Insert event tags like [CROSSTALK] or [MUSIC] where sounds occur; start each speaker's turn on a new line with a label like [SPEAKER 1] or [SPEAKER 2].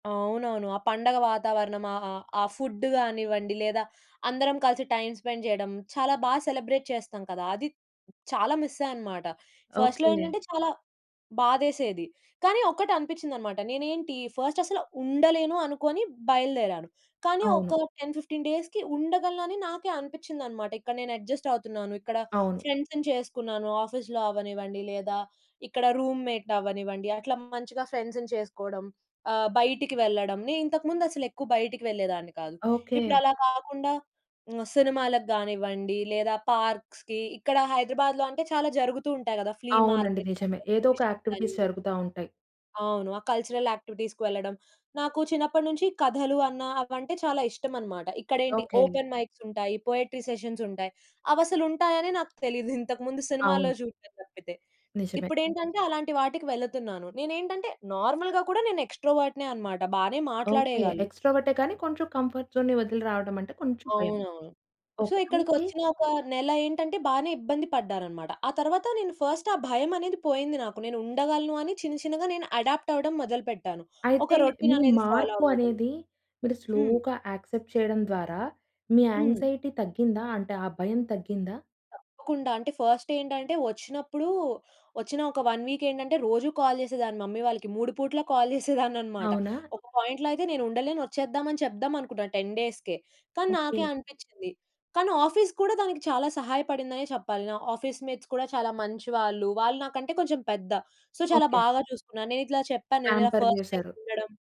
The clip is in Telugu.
[SPEAKER 1] అవునవును. ఆ పండగ వాతావరణం అ అ ఆ ఫుడ్ కానివ్వండి లేదా అందరం కలిసి టైమ్ స్పెండ్ చేయడం చాలా బాగా సెలబ్రేట్ చేస్తాం కదా! అది [SWALLOWS] చాలా మిస్ అయ్యాననమాట. ఫస్ట్‌లో
[SPEAKER 2] ఓకే.
[SPEAKER 1] ఏంటంటే చాలా బాధేసేది. కానీ ఒక్కటనిపిచ్చిదనమాట. నేనేంటి? ఫస్టసలు ఉండలేను అనుకోని బయలుదేరాను. కానీ
[SPEAKER 2] అవును.
[SPEAKER 1] ఒక 10, 15 డేస్‌కి ఉండగలనని నాకే అనిపిచ్చిందనమాట. ఇక్కడ నేను అడ్జస్ట్ అవుతున్నాను. ఇక్కడ
[SPEAKER 2] అవును.
[SPEAKER 1] ఫ్రెండ్స్‌ని చేసుకున్నాను. ఆఫీస్‌లో అవ్వనివ్వండి, లేదా ఇక్కడ రూమ్‌మేట్ అవ్వనివ్వండి, అట్లా మంచిగా ఫ్రెండ్సుని చేసుకోవడం, ఆహ్, బయటికి వెళ్ళడం. నేనింతకు ముందసలు ఎక్కువ బయటకి వెళ్ళేదాన్ని కాదు.
[SPEAKER 2] ఓకే.
[SPEAKER 1] ఇప్పుడలా కాకుండా సినిమాలకు గానివ్వండి, లేదా పార్క్స్‌కి ఇక్కడ హైదరాబాద్‌లో అంటే చాలా జరుగుతూ ఉంటాయి గదా! ఫ్లీ
[SPEAKER 2] అవునండి.
[SPEAKER 1] మార్కెట్స్
[SPEAKER 2] నిజమే.
[SPEAKER 1] అనీ
[SPEAKER 2] ఏదో ఒక
[SPEAKER 1] ఎగ్జిబిషన్స్
[SPEAKER 2] యాక్టివిటీస్
[SPEAKER 1] అనీ.
[SPEAKER 2] జరుగుతా ఉంటాయి.
[SPEAKER 1] అవును. ఆ కల్చరల్ యాక్టివిటీస్‌కి వెళ్ళడం. నాకు చిన్నప్పటి నుంచి కథలు అన్న అవంటే చాలా ఇష్టమన్నమాట. ఇక్కడేంటి?
[SPEAKER 2] ఓకే.
[SPEAKER 1] ఓపెన్ మైక్స్ ఉంటాయి. పోయెట్రీ సెషన్స్ ఉంటాయి. అవసలుంటాయని నాకు తెలీదు. ఇది ఇంతకు ముందు సినిమాల్లో
[SPEAKER 2] అవును.
[SPEAKER 1] చూడడం తప్పితే.
[SPEAKER 2] నిజమే.
[SPEAKER 1] ఇప్పుడేంటంటే అలాంటి వాటికి వెళ్తున్నాను. నేనేంటంటే నార్మల్‌గా కూడా నేను ఎక్స్‌ట్రావర్ట్‌నే అన్నమాట. బానే
[SPEAKER 2] ఓకే.
[SPEAKER 1] మాట్లాడేయగలను.
[SPEAKER 2] ఎక్స్‌ట్రావర్టే కానీ కొంచెం కంఫర్ట్ జోన్‌ని వదిలి రావడమంటే కొంచెం భయం.
[SPEAKER 1] అవునవును. So
[SPEAKER 2] okay. అయితే
[SPEAKER 1] ఇక్కడికొచ్చిన ఒక నెల ఏంటంటే బానే ఇబ్బంది పడ్డారన్నమాట. ఆ తరువాత నేను ఫస్ట్ ఆ భయమనేది పోయింది నాకు. నేనుండగలను అని చిన్న చిన్నగా నేను అడాప్ట్ అవ్వడం మొదలుపెట్టాను.
[SPEAKER 2] అయితే
[SPEAKER 1] ఒక రొటీన్
[SPEAKER 2] మీ
[SPEAKER 1] అనేది ఫాలో
[SPEAKER 2] మార్పు
[SPEAKER 1] అవ్వడం.
[SPEAKER 2] అనేది మీరు
[SPEAKER 1] హ్మ్.
[SPEAKER 2] స్లోగా యాక్సెప్ట్ చేయడం ద్వారా మీ
[SPEAKER 1] హ్మ్.
[SPEAKER 2] యాంక్సైటీ తగ్గిందా? అంటే ఆ భయం తగ్గిందా?
[SPEAKER 1] తప్పకుండా. అంటే ఫస్ట్ ఏంటంటే వచ్చినప్పుడు, వచ్చిన ఒక 1 వీక్ ఏంటంటే రోజు కాల్ చేసేదాన్ని మమ్మీ వాళ్ళకి. మూడు పూట్ల కాల్ [GIGGLES] చేసేదాన్నన్నమాట.
[SPEAKER 2] అవునా?
[SPEAKER 1] ఒక పాయింట్‌లో అయితే నేనుండలేను, వచ్చేద్దామని అని చెప్దాం అనుకున్నాను 10 డేస్‌కే. కానీ
[SPEAKER 2] ఓకే.
[SPEAKER 1] నాకే అనిపించింది. కానీ ఆఫీస్ కూడా దానికి చాలా సహాయపడిందనే చెప్పాలి. నా ఆఫీస్ మేట్స్ కూడా చాలా మంచివాళ్ళు. వాళ్ళు నాకంటే కొంచెం పెద్ద. సో చాలా
[SPEAKER 2] ఓకే.
[SPEAKER 1] బాగా చూసుకున్నారు. నేనిట్లా చెప్పాను. నేనిలా
[SPEAKER 2] పాంపర్
[SPEAKER 1] ఫస్ట్ టైమ్
[SPEAKER 2] చేశారు.
[SPEAKER 1] ఉండడం.